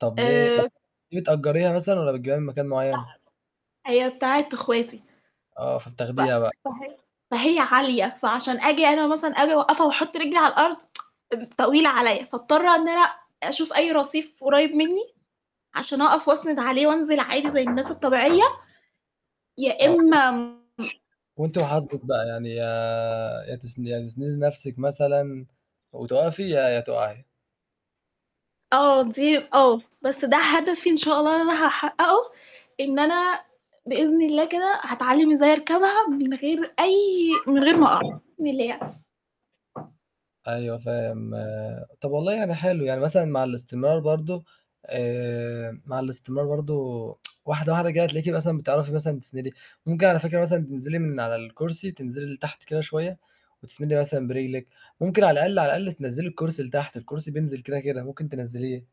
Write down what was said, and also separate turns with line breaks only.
طَب ليه،
آآ
[unintelligible] دي بتأجريها مثلًا والّا بتجيبيها من مكان معين؟
لأ. هي بتاعة أخواتي
آه،
ف
فبتاخديها بقى.
فهي فهي عالية فعشان آجي أنا مثلًا آجي أوقفها وأحط رجلي على الأرض طويلة عليَّ، فأضطر إن أنا أشوف أي رصيف قريِّب مني عشان أقف وأسند عليه وأنزِل عادي زي الناس الطبيعية يا
آه. [unintelligible]
إما
وأنتِ وحظِك بقى، يعني يا يا تس يا تسندي نفْسِك مثلًا وتقفي يا يا تقعي.
آه، دي آه، بس ده هدفي إن شاء الله اللي أنا هاحققه إن أنا بإذن الله كده هاتعلم إزاي أركبها من غير أي من غير ما أقع بإذن الله يعني.
أيوه فاهم طَب والله يعني حلو، يعني مثلًا مع الاستمرار برضو آآ مع الاستمرار برضو واحدة واحدة كده هتلاقيكِ مثلًا بتعرفي مثلًا تسندي، ممكن على فكرة مثلًا تنزِلي من على الكرسي تنزِلي لتحت كده شوية وتسندي مثلًا برجلِك، ممكن على الأقل على الأقل تنزِّلي الكرسي لتحت، الكرسي بينزِل كده كده ممكن تنزِّليه.